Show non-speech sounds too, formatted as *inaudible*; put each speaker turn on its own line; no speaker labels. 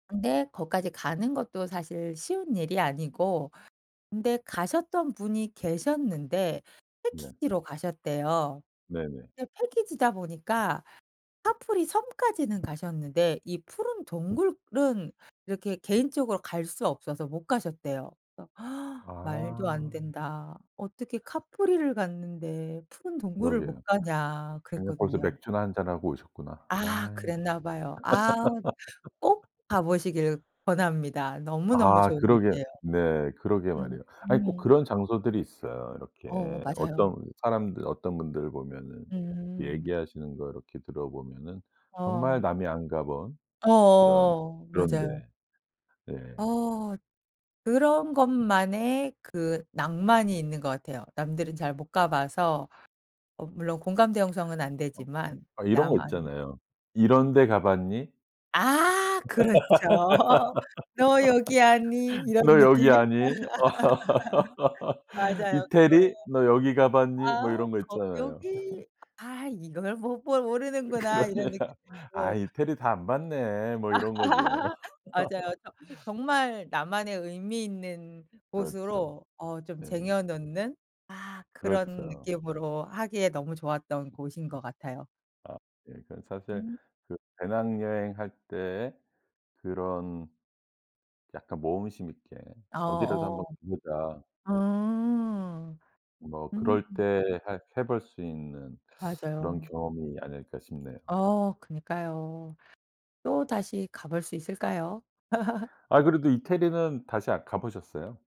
근데 거기까지 가는 것도 사실 쉬운 일이 아니고 근데 가셨던 분이 계셨는데
네.
패키지로 가셨대요.
네네.
근데 패키지다 보니까 카프리 섬까지는 가셨는데 이 푸른 동굴은 이렇게 개인적으로 갈 수 없어서 못 가셨대요. *gasps* "말도
아.
안된다. 어떻게 카프리를 갔는데 푸른 동굴을 못
그러게요.
가냐."
그냥 거기서
그랬거든요.
맥주나 1 잔 하고 오셨구나.
아.
아이.
그랬나봐요. 아으 꼭 가
*laughs*
보시길 권합니다. 너무너무
아.
좋은
그러게
곳이에요.
네. 그러게
음.
말이에요. 아이 꼭
음.
그런 장소들이 있어요.
어.
이렇게
맞아요.
어떤 사람들 어떤 분들 보면은
음.
얘기하시는 거 이렇게 들어보면은 정말
어.
남이 안 가본 이런
어어어.
그런 데.
맞아요.
예.
어. 그런 것만의 그 낭만이 있는 것 같아요. 남들은 잘 못 가 봐서. 어 물론 공감대 형성은 안
엄.
되지만.
이런 거
나만.
있잖아요. "이런 데 가 봤니?",
아. 그렇죠. 너 여기 왔니?
*laughs*
이런
"너
느낌?
여기
*laughs*
아니?", *laughs*
맞아요. 그거예요.
"이태리 너 여기 가 봤니?" 뭐
아.
이런 거
거
있잖아요.
여기. 아
*laughs*
이걸 못 볼
으
모르는구나 이런
그러네요.
느낌.
"아
어.
이태리 다 안 봤네."
아
뭐 이런 거죠.
*laughs* 맞아요. 저 정말
*laughs*
나만의 의미 있는
그렇죠.
곳으로 어 좀
네.
쟁여 놓는 아 그런
그렇죠.
느낌으로 하기에 너무 좋았던 곳인 것 같아요.
아. 예 그러니까 사실
음.
그 배낭여행 할 때 그런 약간 모험심 있게 어디라도
아어.
한번 가 보자
음.
뭐
음.
그럴 때 해 해 볼 수 있는 그런
맞아요.
경험이 아닐까 싶네요.
어. 그니까요. 또 다시 가볼 수 있을까요? *laughs*
아이 그래도 이태리는 다시 아 가 보셨어요?